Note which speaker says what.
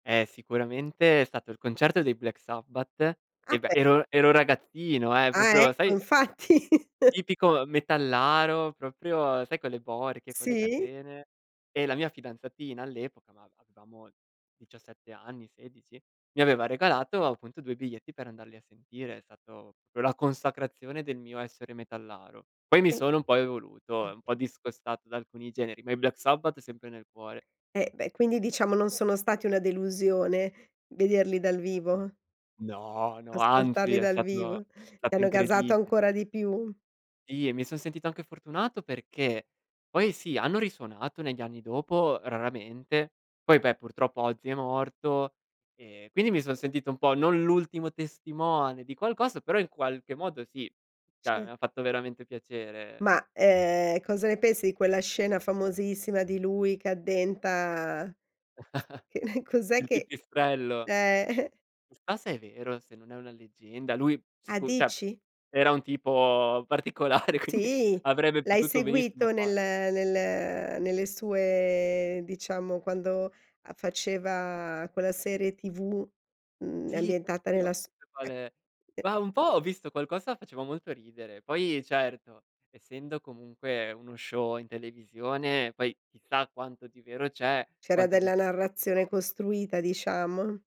Speaker 1: Eh sicuramente è stato il concerto dei Black Sabbath
Speaker 2: Ah,
Speaker 1: e beh
Speaker 2: beh.
Speaker 1: ero ero ragazzino eh,
Speaker 2: Ah
Speaker 1: proprio
Speaker 2: ecco,
Speaker 1: sai
Speaker 2: infatti.
Speaker 1: tipico metallaro, proprio sai con le borchie, con le
Speaker 2: Sì.
Speaker 1: catene. E la mia fidanzatina all'epoca, ma avevamo 17 anni, 16, mi aveva regalato appunto 2 biglietti per andarli a sentire, è stato proprio la consacrazione del mio essere metallaro. Poi mi
Speaker 2: Mh.
Speaker 1: sono un po' evoluto e un
Speaker 2: [unintelligible]
Speaker 1: po' discostato da alcuni generi, ma i Black Sabbath sempre nel cuore.
Speaker 2: E beh, quindi diciamo non sono stati una delusione vederli dal vivo?
Speaker 1: No, no, anzi
Speaker 2: Ascoltarli
Speaker 1: è
Speaker 2: dal
Speaker 1: stato
Speaker 2: vivo, ti
Speaker 1: stato
Speaker 2: hanno gasato
Speaker 1: incredi
Speaker 2: ancora di più?
Speaker 1: Sì, e mi son sentito anche fortunato perché poi sì, hanno risuonato negli anni dopo, raramente, poi beh purtroppo oggi è morto e quindi mi son sentito un po' non l'ultimo testimone di qualcosa, però in qualche modo sì, cioè mi
Speaker 2: Cer
Speaker 1: ha fatto veramente piacere.
Speaker 2: Ma ehm cosa ne pensi di quella scena famosissima di lui che addenta che cos'è
Speaker 1: Il
Speaker 2: che
Speaker 1: pipistrello.
Speaker 2: eh.
Speaker 1: Chissà se è vero, se non è una leggenda. Lui
Speaker 2: Ah
Speaker 1: sicu cioè
Speaker 2: dici?
Speaker 1: era un tipo particolare quindi
Speaker 2: Sì,
Speaker 1: avrebbe
Speaker 2: l'hai
Speaker 1: potuto benissimo
Speaker 2: seguito nel
Speaker 1: farlo.
Speaker 2: nel nelle sue, diciamo, quando faceva quella serie tv, mhmm,
Speaker 1: Sì
Speaker 2: ambientata
Speaker 1: [unintelligible]
Speaker 2: nella su? [unintelligible]
Speaker 1: ma un po' ho visto qualcosa faceva molto ridere. Poi, certo, essendo comunque uno show in televisione poi chissà quanto di vero c'è,
Speaker 2: C'era
Speaker 1: quanto di
Speaker 2: della narrazione
Speaker 1: [unintelligible]
Speaker 2: costruita diciamo?